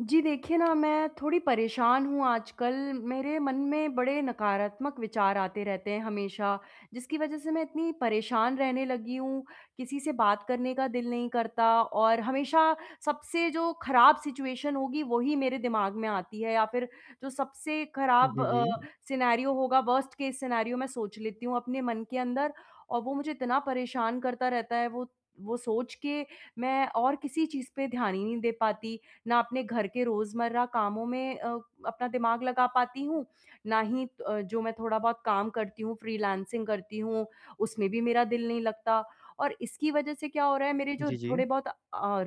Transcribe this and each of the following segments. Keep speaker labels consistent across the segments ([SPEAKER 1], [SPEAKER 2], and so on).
[SPEAKER 1] जी देखिए ना, मैं थोड़ी परेशान हूँ आजकल मेरे मन में बड़े नकारात्मक विचार आते रहते हैं हमेशा, जिसकी वजह से मैं इतनी परेशान रहने लगी हूँ, किसी से बात करने का दिल नहीं करता और हमेशा सबसे जो खराब सिचुएशन होगी वही मेरे दिमाग में आती है या फ़िर जो सबसे
[SPEAKER 2] हुँ,
[SPEAKER 1] खराब
[SPEAKER 2] जी,
[SPEAKER 1] अ,
[SPEAKER 2] जी।
[SPEAKER 1] सिनेरियो होगा, वर्स्ट केस सिनेरियो मैं सोच लेती हूँ अपने मन के अंदर और वो मुझे इतना परेशान करता रहता है। वो वो सोच के मैं और किसी चीज़ पे ध्यान ही नहीं दे पाती, ना अपने घर के रोज़मर्रा कामों में अ, अपना दिमाग लगा पाती हूँ, ना ही अ, जो मैं थोड़ा बहुत काम करती हूँ फ्रीलांसिंग करती हूँ उसमें भी मेरा दिल नहीं लगता। और इसकी वज़ह से क्या हो रहा है मेरे जो
[SPEAKER 2] जी, जी।
[SPEAKER 1] थोड़े-बहुत अ,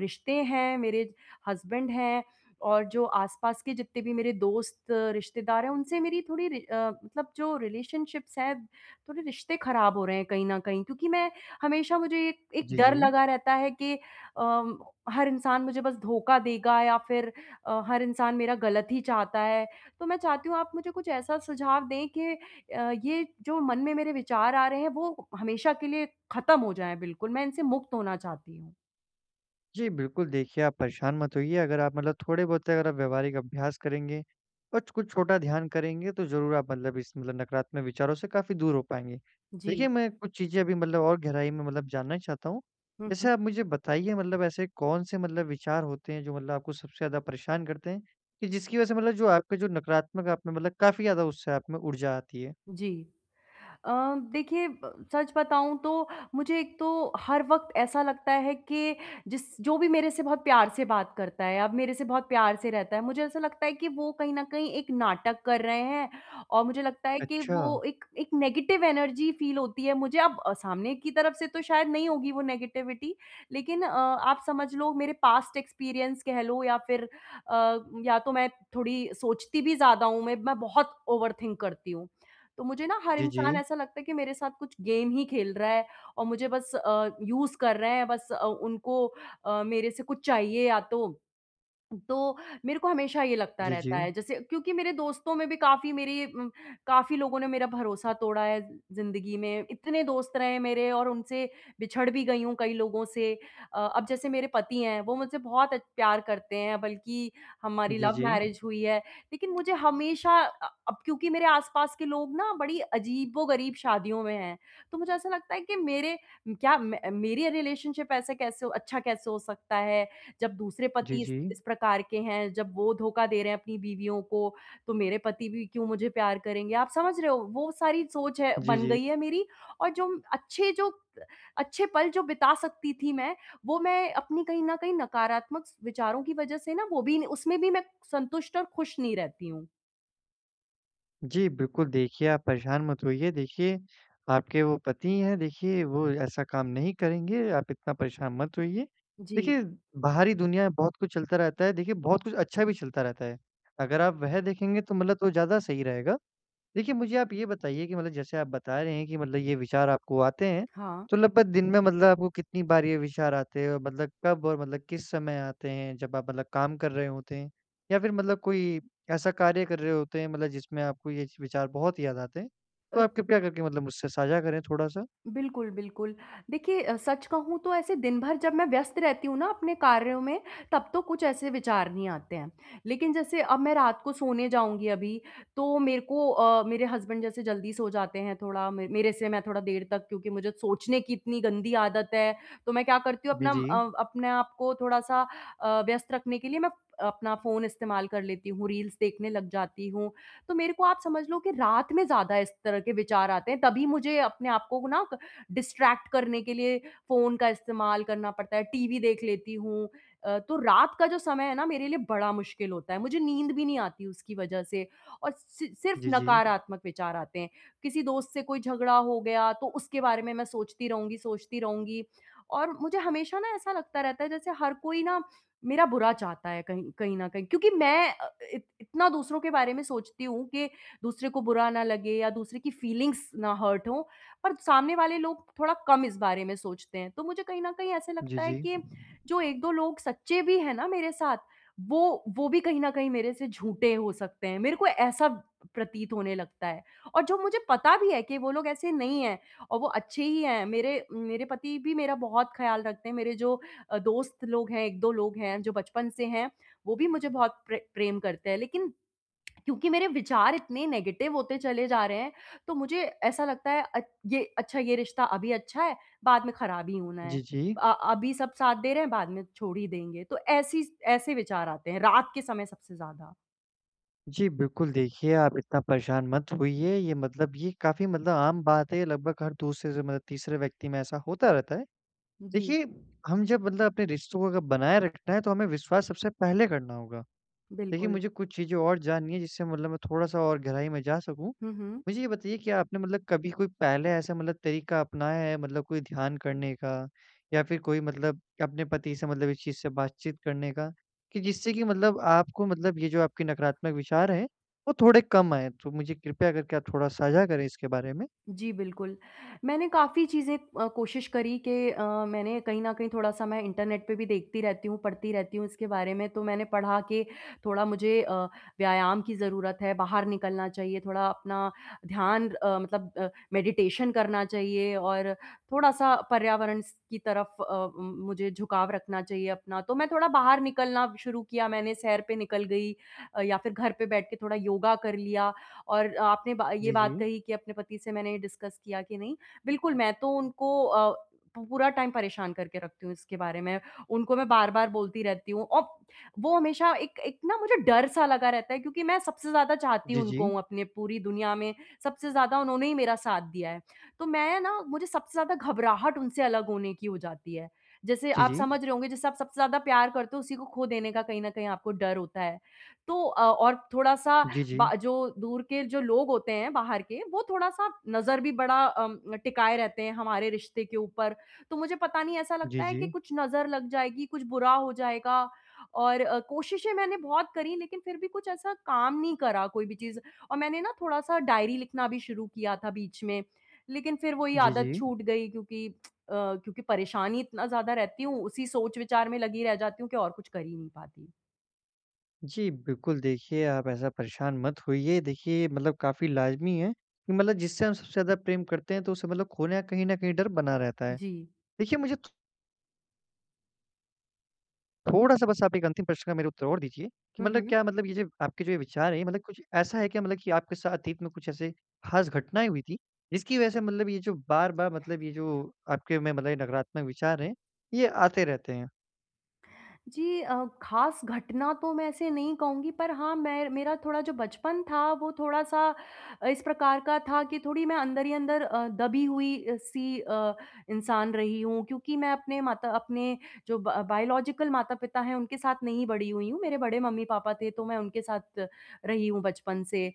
[SPEAKER 1] रिश्ते हैं, मेरे हस्बैंड हैं और जो आस-पास के जितने भी मेरे दोस्त, रिश्तेदार हैं उनसे मेरी थोड़ी रि अ, मतलब जो रिलेशनशिप्स हैं थोड़े रिश्ते खराब हो रहे हैं कहीं न कहीं। क्योंकि मैं हमेशा मुझे एक एक
[SPEAKER 2] जी,
[SPEAKER 1] डर
[SPEAKER 2] जी।
[SPEAKER 1] लगा रहता है कि अ, हर इंसान मुझे बस धोखा देगा या फ़िर अ, हर इंसान मेरा गलत ही चाहता है। तो मैं चाहती हूँ आप मुझे कुछ ऐसा सुझाव दें कि अ, ये जो मन में मेरे विचार आ रहे हैं वो हमेशा के लिए ख़त्म हो जाए बिल्कुल। मैं इनसे मुक्त होना चाहती हूँ।
[SPEAKER 2] जी, बिल्कुल देखिए, आप परेशान मत होइए अगर आप मतलब थोड़े-बहुत अगर आप व्यावहारिक अभ्यास करेंगे अच कुछ छोटा ध्यान करेंगे तो ज़रूर आप अंधविश मतलब नकारात्मक विचारों से काफ़ी दूर हो पाएँगे।
[SPEAKER 1] जी।
[SPEAKER 2] देखिए, मैं कुछ चीज़ें अभी मतलब और गहराई में मतलब जानना चाहता हूँ।
[SPEAKER 1] हुँ, हुँ।
[SPEAKER 2] जैसे आप मुझे बताइए मतलब ऐसे कौन-से मतलब विचार होते हैं जो मतलब आपको सबसे ज़्यादा परेशान करते हैं, कि जिसकी वजह से मतलब जो आपके जो नकारात्मक आप में मतलब काफ़ी ज़्यादा उससे आप में ऊर्जा आती है?
[SPEAKER 1] जी अ, देखिए ब सच बताऊँ तो मुझे एक तो हर वक़्त ऐसा लगता है कि जिस जो भी मेरे से बहुत प्यार से बात करता है, अब मेरे से बहुत प्यार से रहता है, मुझे ऐसा लगता है कि वो कहीं न कहीं एक नाटक कर रहे हैं और मुझे लगता है कि
[SPEAKER 2] अच्छा।
[SPEAKER 1] वो एक एक नेगेटिव एनर्जी फील होती है मुझे, अब अ, सामने की तरफ से तो शायद नहीं होगी वो नेगेटिविटी। लेकिन अ, आप समझ लो मेरे पास्ट एक्सपीरियंस कह लो या फिर अ, या तो मैं थोड़ी सोचती भी ज़्यादा हूँ, मैं मैं बहुत ओवरथिंक करती हूँ। तो मुझे ना हर
[SPEAKER 2] जी,
[SPEAKER 1] इंसान
[SPEAKER 2] जी।
[SPEAKER 1] ऐसा लगता है कि मेरे साथ कुछ गेम ही खेल रहा है और मुझे बस अ, यूज़ कर रहे हैं, बस अ, उनको अ, मेरे से कुछ चाहिए या तो। तो मेरे को हमेशा ये लगता
[SPEAKER 2] जी,
[SPEAKER 1] रहता
[SPEAKER 2] जी।
[SPEAKER 1] है जैसे क्योंकि मेरे दोस्तों में भी काफ़ी मेरी उम, काफ़ी लोगों ने मेरा भरोसा तोड़ा है जिंदगी में, इतने दोस्त रहे हैं मेरे और उनसे बिछड़ भी गई हूँ कई लोगों से। अ, अब जैसे मेरे पति हैं वो मुझसे बहुत अ, प्यार करते हैं बल्कि हमारी
[SPEAKER 2] जी,
[SPEAKER 1] लव
[SPEAKER 2] जी।
[SPEAKER 1] मैरेज हुई है, लेकिन मुझे हमेशा अ, अब क्योंकि मेरे आस-पास के लोग ना बड़ी अजीबो-गरीब शादियों में हैं। तो मुझे ऐसा लगता है कि मेरे क्या मैं मेरी रिलेशनशिप ऐसे कैसे अच्छा कैसे हो सकता है? जब दूसरे
[SPEAKER 2] जी,
[SPEAKER 1] पति इस
[SPEAKER 2] जी।
[SPEAKER 1] इस प्रकार के हैं, जब वो धोखा दे रहे हैं अपनी बीवियों को, तो मेरे पति भी क्यों मुझे प्यार करेंगे? आप समझ रहे हो वो सारी सोच है
[SPEAKER 2] जी,
[SPEAKER 1] बन
[SPEAKER 2] जी।
[SPEAKER 1] गई है मेरी और जो अच्छे जो, अच्छे पल जो बिता सकती थी मैं वो मैं अपनी कहीं न कहीं नकारात्मक स विचारों की वजह से ना वो भी न उसमें भी मैं संतुष्ट और खुश नहीं रहती हूँ।
[SPEAKER 2] जी बिल्कुल, देखिए, आप परेशान मत होइए। देखिए, आपके वो पति हैं देखिए वो ऐसा काम नहीं करेंगे, आप इतना परेशान मत होइए।
[SPEAKER 1] जी।
[SPEAKER 2] देखिए बाहरी दुनिया में बहुत कुछ चलता रहता है। देखिए, बहुत कुछ अच्छा भी चलता रहता है। अगर आप वह देखेंगे तो मतलब वो ज़्यादा सही रहेगा। देखिए मुझे आप ये बताइए कि मतलब जैसे आप बता रहे हैं कि मतलब ये विचार आपको आते हैं
[SPEAKER 1] हाँ।
[SPEAKER 2] तो लगभग दिन में मतलब आपको कितनी बार ये विचार आते हैं मतलब कब और मतलब किस समय आते हैं जब आप मतलब काम कर रहे होते हैं? या फिर मतलब कोई ऐसा कार्य कर रहे होते हैं मतलब जिसमें आपको ये विचार बहुत याद आते हैं?
[SPEAKER 1] अ
[SPEAKER 2] तो आप कृपया करके मतलब मुझसे साझा करें थोड़ा-सा।
[SPEAKER 1] बिल्कुल, बिल्कुल। देखिए, अ, सच कहूँ तो ऐसे दिनभर जब मैं व्यस्त रहती हूँ ना अपने कार्यों में तब तो कुछ ऐसे विचार नहीं आते हैं। लेकिन जैसे अब मैं रात को सोने जाऊँगी अभी तो मेरे को अ, मेरे हसबैंड जैसे जल्दी सो जाते हैं थोड़ा म मेरे से मैं थोड़ा देर तक क्योंकि मुझे सोचने की इतनी गंदी आदत है। तो मैं क्या करती हूँ
[SPEAKER 2] बी
[SPEAKER 1] अपना
[SPEAKER 2] जी।
[SPEAKER 1] अ अपने आप को थोड़ा-सा अ, व्यस्त रखने के लिए मैं अपना फ़ोन इस्तेमाल कर लेती हूँ। रील्स देखने लग जाती हूँ। तो मेरे को आप समझ लो कि रात में ज़्यादा इस तरह के आते हैं तभी मुझे अपने आपको ना क डिस्ट्रैक्ट करने के लिए फ़ोन का इस्तेमाल करना पड़ता है, टीवी देख लेती हूँ। अ, तो रात का जो समय है ना मेरे लिए बड़ा मुश्किल होता है। मुझे नींद भी नहीं आती उसकी वजह से और सि सिर्फ़
[SPEAKER 2] जी, जी।
[SPEAKER 1] नकारात्मक विचार आते हैं। किसी दोस्त से कोई झगड़ा हो गया तो उसके बारे में मैं सोचती रहूँगी, सोचती रहूँगी और मुझे हमेशा ना ऐसा लगता रहता है जैसे हर कोई ना मेरा बुरा चाहता है कहीं कहीं न कहीं क्योंकि मैं अ अ, इत इतना दूसरों के बारे में सोचती हूँ कि दूसरे को बुरा ना लगे या दूसरे की फीलिंग्स ना हर्ट हों पर सामने वाले लोग थोड़ा कम इस बारे में सोचते हैं। तो मुझे कहीं न कहीं ऐसा
[SPEAKER 2] जी,
[SPEAKER 1] लगता है
[SPEAKER 2] जी।
[SPEAKER 1] कि जो 1-2 लोग सच्चे भी है ना मेरे साथ वो वो भी कहीं न कहीं मेरे से झूठे हो सकते हैं। मेरे को ऐसा प्रतीत होने लगता है और जो मुझे पता भी है कि वो लोग ऐसे नहीं है और वो अच्छे ही हैं। मेरे मेरे पति भी मेरा बहुत ख़्याल रखते हैं। मेरे जो अ, दोस्त लोग हैं, 1-2 लोग हैं जो बचपन से हैं वो भी मुझे बहुत प्रे प्रेम करते हैं लेकिन क्योंकि मेरे विचार इतने नेगेटिव होते चले जा रहे हैं तो मुझे ऐसा लगता है अच ये अच्छा ये रिश्ता अभी अच्छा है बाद में खराब ही होना है।
[SPEAKER 2] जी, जी।
[SPEAKER 1] अ अभी सब साथ दे रहे हैं बाद में छोड़ ही देंगे। तो ऐसी स ऐसे विचार आते हैं रात के समय सबसे ज़्यादा।
[SPEAKER 2] जी बिल्कुल, देखिए, आप इतना परेशान मत होइए ये मतलब ये काफ़ी मतलब आम बात है ये लगभग हर दूसरे से मतलब तीसरे व्यक्ति में ऐसा होता रहता है।
[SPEAKER 1] जी।
[SPEAKER 2] देखिए हम जब मतलब अपने रिश्तों को अगर बनाये रखना है तो हमें विश्वास सबसे पहले करना होगा। देखिए
[SPEAKER 1] बिल्कुल।
[SPEAKER 2] मुझे कुछ चीज़ें और जाननी है जिससे मतलब मैं थोड़ा-सा और गहराई में जा सकूँ।
[SPEAKER 1] हुँ, हुँ।
[SPEAKER 2] मुझे ये बताइए कि आपने मतलब कभी कोई पहले ऐसा मतलब तरीका अपनाया है मतलब कोई ध्यान करने का या फिर कोई मतलब अपने पति से मतलब इस चीज़ से बातचीत करने का, कि जिससे की मतलब आपको मतलब ये जो आपके नकारात्मक विचार हैं वो थोड़े कम आए तो मुझे कृपया करके आप थोड़ा साझा करे इसके बारे में?
[SPEAKER 1] जी, बिल्कुल। मैंने काफ़ी चीज़ें अ, कोशिश करी कि अ, मैंने कहीं न कहीं थोड़ा-सा मैं इंटरनेट पर भी देखती रहती हूँ, पढ़ती रहती हूँ इसके बारे में तो मैंने पढ़ा के थोड़ा मुझे अ, व्यायाम की ज़रूरत है, बाहर निकलना चाहिए थोड़ा अपना ध्यान अ, मतलब अ, मेडिटेशन करना चाहिए और थोड़ा-सा पर्यावरण स की तरफ अ, उम, मुझे झुकाव रखना चाहिए अपना तो मैं थोड़ा बाहर निकलना शुरू किया मैंने, सैर पे निकल गई अ, या फिर घर पे बैठ के थोड़ा योगा कर लिया और आपने बा ये
[SPEAKER 2] जी,
[SPEAKER 1] बात
[SPEAKER 2] जी।
[SPEAKER 1] कही कि अपने पति से मैंने डिस्कस किया कि नहीं। बिल्कुल मैं तो उनको अ, पूरा टाइम परेशान करके रखती हूँ इसके बारे में। उनको मैं बार-बार बोलती रहती हूँ और वो हमेशा एक एक ना मुझे डर सा लगा रहता है क्योंकि मैं सबसे ज़्यादा चाहती
[SPEAKER 2] जी,
[SPEAKER 1] उनको
[SPEAKER 2] जी।
[SPEAKER 1] अपने पूरी दुनिया में, सबसे ज़्यादा उन्होंने ही मेरा साथ दिया है। तो मैं ना मुझे सबसे ज़्यादा घबराहट उनसे अलग होने की हो जाती है। जैसे
[SPEAKER 2] जी,
[SPEAKER 1] आप
[SPEAKER 2] जी।
[SPEAKER 1] समझ रहे होंगे जैसे आप सबसे ज़्यादा प्यार करते हो उसी को खो देने का कहीं न कहीं आपको डर होता है। तो अ, और थोड़ा-सा
[SPEAKER 2] जी,
[SPEAKER 1] ब
[SPEAKER 2] जी।
[SPEAKER 1] जो दूर के जो लोग होते हैं बाहर के वो थोड़ा-सा नज़र भी बड़ा अ, टिकाए रहते हैं हमारे रिश्ते के ऊपर। तो मुझे पता नहीं ऐसा
[SPEAKER 2] जी,
[SPEAKER 1] लगता है कि
[SPEAKER 2] जी।
[SPEAKER 1] कुछ नज़र लग जाएगी, कुछ बुरा हो जाएगा और अ, कोशिशें मैंने बहुत करी लेकिन फिर भी कुछ ऐसा काम नहीं करा कोई भी चीज़ और मैंने ना थोड़ा-सा डायरी लिखना भी शुरू किया था बीच में। लेकिन फिर वो ही
[SPEAKER 2] जी,
[SPEAKER 1] आदत
[SPEAKER 2] जी।
[SPEAKER 1] छूट गई क्योंकि अ, क्योंकि परेशानी इतना ज़्यादा रहती हूँ उसी सोच विचार में लगी रह जाती हूँ कि और कुछ कर ही नहीं पाती।
[SPEAKER 2] जी बिल्कुल, देखिए आप ऐसा परेशान मत होइए। देखिए ये मतलब काफ़ी लाज़मी है कि मतलब जिससे हम सबसे ज़्यादा प्रेम करते हैं तो उससे मतलब खोने का कहीं न कहीं डर बना रहता है।
[SPEAKER 1] जी।
[SPEAKER 2] देखिए, मुझे तो थोड़ा-सा बस आप एक अंतिम प्रश्न का मेरा उत्तर और दीजिए कि
[SPEAKER 1] हुँ,
[SPEAKER 2] मतलब,
[SPEAKER 1] हुँ।
[SPEAKER 2] क्या मतलब ये जो आपके जो ये विचार है मतलब कुछ ऐसा है क्या मतलब कि आपके साथ अतीत में कुछ ऐसे खास घटनाएँ हुईं थीं, जिसकी वजह से मतलब ये जो बार-बार मतलब ये जो आपके मन में मतलब नकारात्मक विचार है ये आते रहते हैं?
[SPEAKER 1] जी अ, खास घटना तो मैं ऐसे नहीं कहूँगी पर हाँ, मैं मेरा थोड़ा जो बचपन था वो थोड़ा-सा इस प्रकार का था कि थोड़ी मैं अंदर ही अंदर अ, दबी हुई अ, सी अ, इंसान रही हूँ क्योंकि मैं अपने माता अपने जो ब बायोलॉजिकल माता-पिता हैं उनके साथ नहीं बड़ी हुई हूँ। मेरे बड़े मम्मी-पापा थे तो मैं उनके साथ रही हूँ बचपन से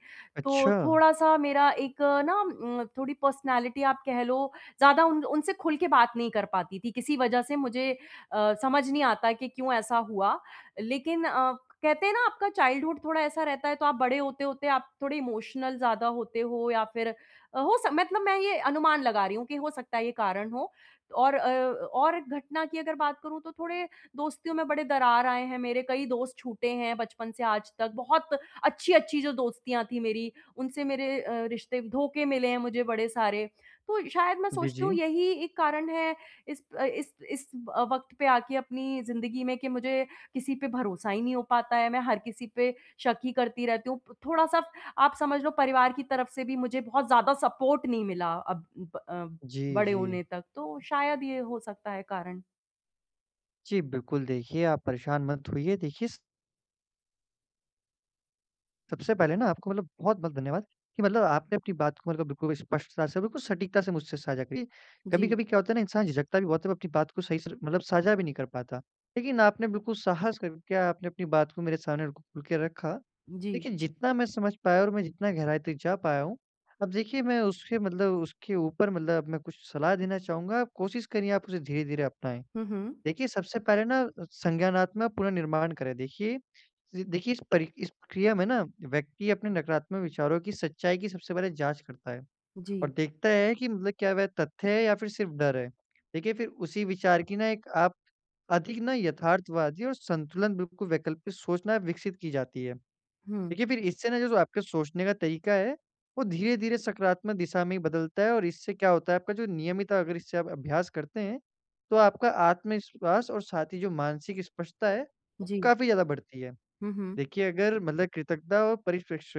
[SPEAKER 1] तो
[SPEAKER 2] अच्छा।
[SPEAKER 1] थोड़ा-सा मेरा एक ना उम, थोड़ी पर्सनैलिटी। आप कह लो ज़्यादा उन उनसे खुल के बात नहीं कर पाती थी किसी वजह से मुझे अ, समझ नहीं आता कि क्यों ऐसा हुआ। लेकिन अ, कहते हैं ना आपका चाइल्डहुड थोड़ा ऐसा रहता है तो आप बड़े होते-होते आप थोड़े इमोशनल ज़्यादा होते हो या फिर अ, हो स मतलब मैं ये अनुमान लगा रही हूँ कि हो सकता है ये कारण हो और अ और एक घटना की अगर बात करूँ तो थोड़े दोस्तियों में बड़े दरार आए हैं। मेरे कई दोस्त छूटे हैं बचपन से आज तक। बहुत अच्छी-अच्छी जो दोस्तियाँ थी मेरी उनसे मेरे अ, रिश्ते धोखे मिले हैं मुझे बड़े सारे। तो शायद मैं
[SPEAKER 2] बि
[SPEAKER 1] सोचती हूँ
[SPEAKER 2] जी।
[SPEAKER 1] यही एक कारण है इस अ, इस इस अ, वक़्त पे आके अपनी ज़िंदगी में कि मुझे किसी पे भरोसा ही नहीं हो पाता है। मैं हर किसी पे शक ही करती रहती हूँ। प थोड़ा-सा आप समझ लो परिवार की तरफ से भी मुझे बहुत ज़्यादा सपोर्ट नहीं मिला अब अ,
[SPEAKER 2] जी,
[SPEAKER 1] बड़े
[SPEAKER 2] जी।
[SPEAKER 1] होने तक तो शायद ये हो सकता है कारण।
[SPEAKER 2] जी, बिल्कुल देखिए आप परेशान मत होइए देखिए स सबसे पहले ना आपको मतलब बहुत-बहुत धन्यवाद कि मतलब आपने अपनी बात को मतलब बिल्कुल स्पष्टता से बिल्कुल सटीकता से मुझसे साझा करी।
[SPEAKER 1] जी।
[SPEAKER 2] कभी-कभी क्या होता है ना इंसान झिझकता भी बहुत है वो अपनी बात को सही से मतलब साझा भी नहीं कर पाता। लेकिन आपने बिल्कुल साहस करके आपने अपनी बात को मेरे सामने खुल के रखा,
[SPEAKER 1] जी।
[SPEAKER 2] देखिए जितना मैं समझ पाया और मैं जितना गहराई तक जा पाया हूँ। अब देखिए मैं उसके मतलब उसके ऊपर मतलब मैं कुछ सलाह देना चाहूँगा, आप कोशिश करिए आप उसे धीरे-धीरे अपनाएँ।
[SPEAKER 1] हुँ, हुँ।
[SPEAKER 2] देखिए सबसे पहले ना संज्ञानात्मक पुन: निर्माण करें देखिए, देखिए इस परि इस प्रक्रिया में ना व्यक्ति अपने नकारात्मक विचारों की सच्चाई की सबसे पहले जाँच करता है, और
[SPEAKER 1] जी।
[SPEAKER 2] देखता है कि मतलब क्या वह तथ्य है या फिर सिर्फ़ डर है। देखिए फिर उसी विचार की ना एक आप अधिक ना यथार्थवादी और संतुलन बिल्कुल वैकल्पिक सोचना विकसित की जाती है।
[SPEAKER 1] हुँ।
[SPEAKER 2] देखिए फिर इससे ना जो आपके सोचने का तरीका है वो धीरे-धीरे सकारात्मक दिशा में ही बदलता है और इससे क्या होता है आपका जो नियमित अगर इससे आप अभ्यास करते हैं तो आपका आत्मविश्वास और साथ ही जो मानसिक स्पष्टता है,
[SPEAKER 1] जी।
[SPEAKER 2] काफ़ी ज़्यादा बढ़ती है।
[SPEAKER 1] हुँ, हुँ।
[SPEAKER 2] देखिए अगर मतलब कृतज्ञता और परिपेक्ष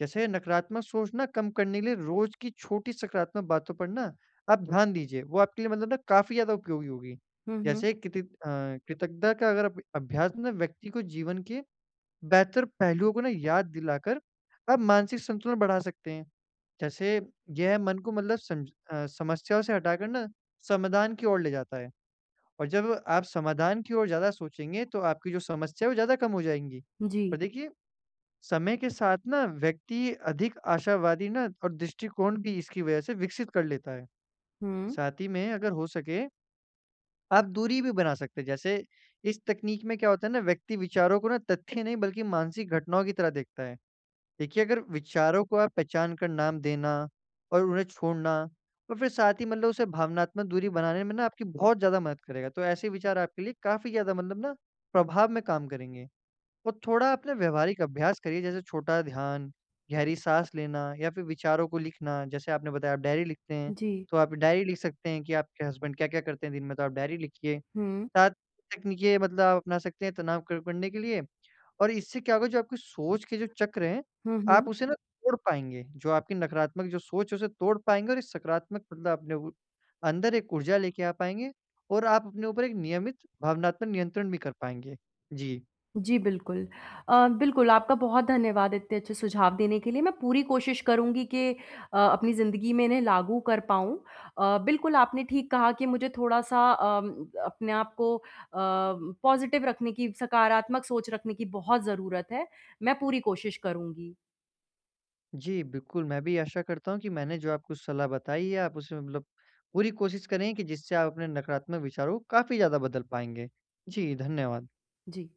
[SPEAKER 2] जैसे नकारात्मक सोचना कम करने के लिए रोज़ की छोटी सकारात्मक बातों पर ना, आप ध्यान दीजिए वो आपके लिए मतलब ना काफ़ी ज़्यादा उपयोगी होगी।
[SPEAKER 1] हुँ, हुँ।
[SPEAKER 2] जैसे कित अ, कृतज्ञता का अगर अब अभ्यास में व्यक्ति को जीवन के बेहतर पहलुओं को ना याद दिलाकर आप मानसिक संतुलन बढ़ा सकते हैं। जैसे यह मन को मतलब सम अ, समस्याओं से हटाकर ना समाधान की ओर ले जाता है और जब आप समाधान की ओर ज़्यादा सोचेंगे तो आपकी जो समस्या है वो ज़्यादा कम हो जाएँगी। और
[SPEAKER 1] जी।
[SPEAKER 2] देखिए समय के साथ ना व्यक्ति अधिक आशावादी ना और दृष्टिकोण भी इसकी वजह से विकसित कर लेता है।
[SPEAKER 1] हुँ।
[SPEAKER 2] साथ ही में अगर हो सके आप दूरी भी बना सकते हैं। जैसे, इस तकनीक में क्या होता है ना व्यक्ति विचारों को ना तथ्य नहीं बल्कि मानसिक घटनाओं की तरह देखता है। देखिए अगर विचारों को आप पहचान कर नाम देना और उन्हें छोड़ना और फिर साथ ही मतलब उसे भावनात्मक दूरी बनाने में ना आपकी बहुत ज़्यादा मदद करेगा। तो ऐसे विचार आपके लिए काफ़ी ज़्यादा मतलब ना प्रभाव में काम करेंगे और थोड़ा आप ना व्यावहारिक अभ्यास करिए जैसे छोटा ध्यान, गहरी साँस लेना या फिर विचारों को लिखना जैसे आपने बताया आप डायरी लिखते हैं।
[SPEAKER 1] जी।
[SPEAKER 2] तो आप डायरी लिख सकते हैं कि आपके हसबैंड क्या-क्या करते हैं दिन में तो आप डायरी लिखिए।
[SPEAKER 1] हुँ।
[SPEAKER 2] साथ तकनीकी ये मतलब आप अपना सकते हैं तनाव क करने के लिए और इससे क्या होगा जो आपकी सोच के जो चक्र हैं
[SPEAKER 1] हुँ, हुँ।
[SPEAKER 2] आप उसे ना तोड़ पाएँगे, जो आपकी नकारात्मक जो सोच है उसे तोड़ पाएँगे और एक सकारात्मक मतलब अपने उ अंदर एक ऊर्जा लेके आ पाएँगे और आप अपने ऊपर एक नियमित भावनात्मक नियंत्रण भी कर पाएँगे। जी।
[SPEAKER 1] जी, बिल्कुल। अ, बिल्कुल आपका बहुत धन्यवाद इतने अच्छे सुझाव देने के लिए मैं पूरी कोशिश करूँगी कि अ, अपनी ज़िंदगी में इन्हें लागू कर पाऊँ। अ, बिल्कुल आपने ठीक कहा कि मुझे थोड़ा-सा अ, अपने आप को अ, पॉजिटिव रखने की, सकारात्मक सोच रखने की बहुत ज़रूरत है, मैं पूरी कोशिश करूँगी।
[SPEAKER 2] जी, बिल्कुल मैं भी आशा करता हूँ कि मैंने जो आपको सलाह बताई है आप उसमें मतलब पूरी कोशिश करें कि जिससे आप अपने नकारात्मक विचारों को काफ़ी ज़्यादा बदल पाएँगे। जी, धन्यवाद।
[SPEAKER 1] जी।